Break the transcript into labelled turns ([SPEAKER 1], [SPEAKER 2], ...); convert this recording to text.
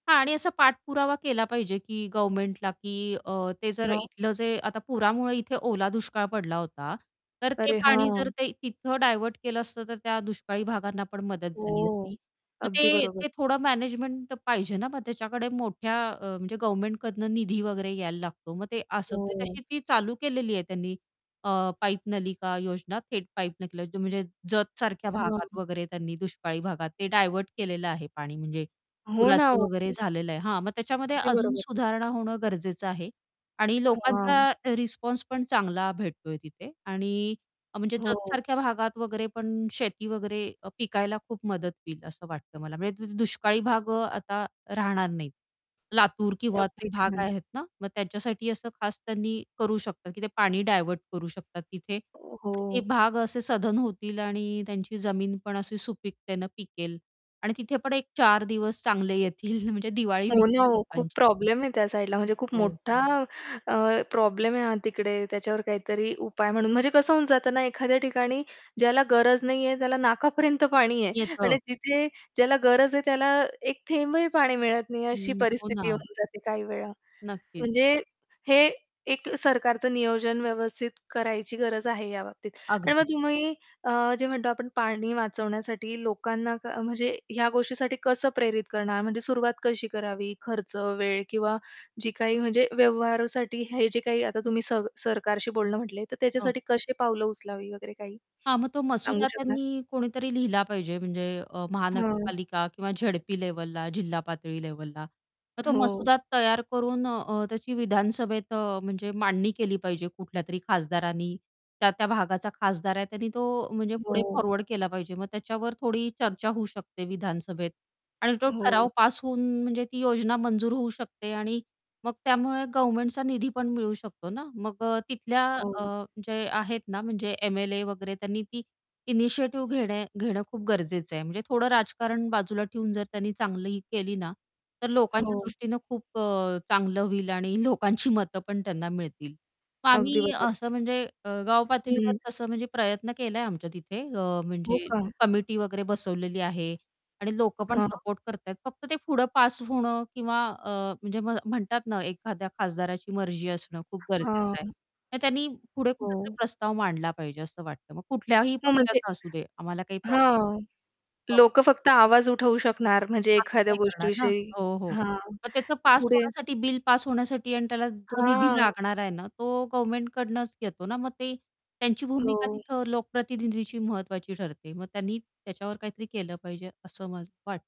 [SPEAKER 1] हां आणि असा पाठपुरावा केला पाहिजे, की गव्हर्नमेंटला, की अ, ते जर
[SPEAKER 2] हो.
[SPEAKER 1] इथलं जे आता पुरामुळे इथे ओला दुष्काळ पडला होता. तर ते
[SPEAKER 2] अरे!
[SPEAKER 1] पाणी जर
[SPEAKER 2] हां.
[SPEAKER 1] ते तिथं डायव्हर्ट केलं असतं, तर त्या दुष्काळी भागांना पण मदत झाली
[SPEAKER 2] हो,
[SPEAKER 1] असती. मग
[SPEAKER 2] अगदी
[SPEAKER 1] ते
[SPEAKER 2] बरोबर.
[SPEAKER 1] ते थोडं मॅनेजमेंट पाहिजे ना, मग त्याच्याकडे मोठ्या अ, म्हणजे गव्हर्नमेंटकडनं निधी वगैरे यायला लागतो, मग ते असं. म्हणजे
[SPEAKER 2] हो.
[SPEAKER 1] तशी ती चालू केलेली आहे त्यांनी अ, पाईप नलिका योजना, थेट पाईप नकलं जो म्हणजे जत सारख्या
[SPEAKER 2] हां.
[SPEAKER 1] भागात वगैरे, त्यांनी दुष्काळी भागात ते डायव्हर्ट केलेलं आहे पाणी. म्हणजे
[SPEAKER 2] हो ना,
[SPEAKER 1] पुराचं वगैरे
[SPEAKER 2] ओके.
[SPEAKER 1] झालेलं आहे हां, मग त्याच्यामध्ये
[SPEAKER 2] अगदी
[SPEAKER 1] अजून
[SPEAKER 2] बरोबर.
[SPEAKER 1] सुधारणा होणं गरजेचं आहे आणि लोकांचा
[SPEAKER 2] हां.
[SPEAKER 1] अ, रिस्पॉन्स पण चांगला भेटतोय तिथे. आणि अ, म्हणजे जत
[SPEAKER 2] हो.
[SPEAKER 1] सारख्या भागात वगैरे पण शेती वगैरे अ, पिकायला खूप मदत होईल असं वाटतं मला. म्हणजे तिथे दुष्काळी भाग अ, आता राहणार नाहीत. लातूर किंवा ते
[SPEAKER 2] अगदी
[SPEAKER 1] भाग
[SPEAKER 2] छान.
[SPEAKER 1] आहेत ना, मग त्याच्यासाठी असं खास त्यांनी करू शकतात, की ते पाणी डायव्हर्ट करू शकतात तिथे
[SPEAKER 2] अ,
[SPEAKER 1] आणि ते
[SPEAKER 2] हो.
[SPEAKER 1] भाग असे सधन होतील आणि त्यांची जमीन पण अशी सुपीकतेने पिकेल. आणि तिथे पण एक चार दिवस चांगले येतील म्हणजे दिवाळी होईल
[SPEAKER 2] हो ना
[SPEAKER 1] त्या
[SPEAKER 2] हो, खूप
[SPEAKER 1] लोकांची.
[SPEAKER 2] प्रॉब्लेम आहे त्या साईडला म्हणजे खूप
[SPEAKER 1] हो.
[SPEAKER 2] मोठा अ, प्रॉब्लेम आहे हा तिकडे. त्याच्यावर काहीतरी उपाय म्हणून म्हणजे कसं होऊन जातं ना, एखाद्या ठिकाणी ज्याला गरज नाही आहे, त्याला नाकापर्यंत पाणी आहे
[SPEAKER 1] येतं.
[SPEAKER 2] आणि तिथे ज्याला गरज आहे त्याला एक थेंबही पाणी मिळत नाही अशी
[SPEAKER 1] हं, हो
[SPEAKER 2] परिस्थिती
[SPEAKER 1] ना.
[SPEAKER 2] होऊन जाते काही वेळा.
[SPEAKER 1] नक्कीच.
[SPEAKER 2] म्हणजे हे एक अ, सरकारचं नियोजन व्यवस्थित करायची गरज आहे या बाबतीत. आणि मग
[SPEAKER 1] अगदी.
[SPEAKER 2] तुम्ही अ, जे म्हणतो आपण पाणी वाचवण्यासाठी लोकांना क म्हणजे ह्या गोष्टीसाठी कसं प्रेरित करणार. म्हणजे सुरुवात कशी करावी खर्च, वेळ किंवा जी काही म्हणजे व्यवहारासाठी हे जे काही आता तुम्ही सर सरकारशी बोलणं म्हटले, तर
[SPEAKER 1] हां.
[SPEAKER 2] त्याच्यासाठी कशी पावलं उचलावी वगैरे काही
[SPEAKER 1] हां, मग तो
[SPEAKER 2] सांगू
[SPEAKER 1] मसुदा
[SPEAKER 2] शकणार?
[SPEAKER 1] त्यांनी कोणीतरी लिहिला पाहिजे, म्हणजे अ,
[SPEAKER 2] हं.
[SPEAKER 1] महानगरपालिका किंवा झेडपी लेव्हलला, जिल्हा पातळी लेव्हलला. मग तो
[SPEAKER 2] हो.
[SPEAKER 1] मसुदा तयार करून अ, त्याची विधानसभेत अ, म्हणजे मांडणी केली पाहिजे कुठल्यातरी खासदारांनी. त्या-त्या भागाचा खासदार आहे, त्यानी तो अ, म्हणजे पुढे
[SPEAKER 2] हो.
[SPEAKER 1] फॉरवर्ड केला पाहिजे, मग त्याच्यावर थोडी चर्चा होऊ शकते विधानसभेत. आणि तो
[SPEAKER 2] हो.
[SPEAKER 1] ठराव पास होऊन, म्हणजे ती योजना मंजूर होऊ शकते आणि मग त्यामुळे गव्हर्नमेंटचा निधी पण मिळू शकतो ना. मग अ, तिथल्या अ,
[SPEAKER 2] हो.
[SPEAKER 1] जे आहेत ना, म्हणजे एम-एल-ए वगैरे त्यांनी ती इनिशिएटिव्ह घेणे घेणं खूप गरजेचं आहे. म्हणजे थोडं राजकारण बाजूला ठेऊन जर त्यांनी चांगली ही केली ना, तर लोकांच्या
[SPEAKER 2] हो.
[SPEAKER 1] दृष्टीनं खूप अ, चांगलं होईल आणि लोकांची मतं पण त्यांना मिळतील.
[SPEAKER 2] अगदी
[SPEAKER 1] आम्ही
[SPEAKER 2] बरोबर.
[SPEAKER 1] असं म्हणजे अ, गावपातळीवर
[SPEAKER 2] हं.
[SPEAKER 1] तसं म्हणजे प्रयत्न केला आहे आमच्या तिथे, अ,
[SPEAKER 2] हो
[SPEAKER 1] म्हणजे
[SPEAKER 2] का?
[SPEAKER 1] कमिटी वगैरे बसवलेली आहे. आणि लोकं पण
[SPEAKER 2] हां.
[SPEAKER 1] सपोर्ट करत आहेत. फक्त ते पुढं पास होणं किंवा अ, म्हणजे म्ह म्हणतात ना, एखाद्या खासदाराची मर्जी असणं खूप गरजेचं आहे.
[SPEAKER 2] हां.
[SPEAKER 1] तर त्यांनी पुढे कुठेतरी
[SPEAKER 2] हो.
[SPEAKER 1] प्रस्ताव मांडला पाहिजे असं वाटतं. मग कुठल्याही
[SPEAKER 2] [unintelligible] म्हणजे
[SPEAKER 1] पक्षाचा असू दे, आम्हाला काही प्रॉब
[SPEAKER 2] हां,
[SPEAKER 1] हो.
[SPEAKER 2] लोकं फक्त आवाज उठवू शकणार, म्हणजे
[SPEAKER 1] आम्ही
[SPEAKER 2] एखाद्या
[SPEAKER 1] काय करणार ना
[SPEAKER 2] गोष्टीविषयी.
[SPEAKER 1] हो, हो.
[SPEAKER 2] हां,
[SPEAKER 1] मग त्याचं पास
[SPEAKER 2] पुढे
[SPEAKER 1] होण्यासाठी, बिल पास होण्यासाठी आणि त्याला जो निधी
[SPEAKER 2] हां.
[SPEAKER 1] लागणार आहे ना, तो गव्हर्नमेंट कडनच घेतो ना. मग ते त्यांची भूमिका
[SPEAKER 2] हो.
[SPEAKER 1] तिथं लोकप्रतिनिधीची महत्वाची ठरते. मग त्यांनी त्याच्यावर काहीतरी केलं पाहिजे असं मला वाट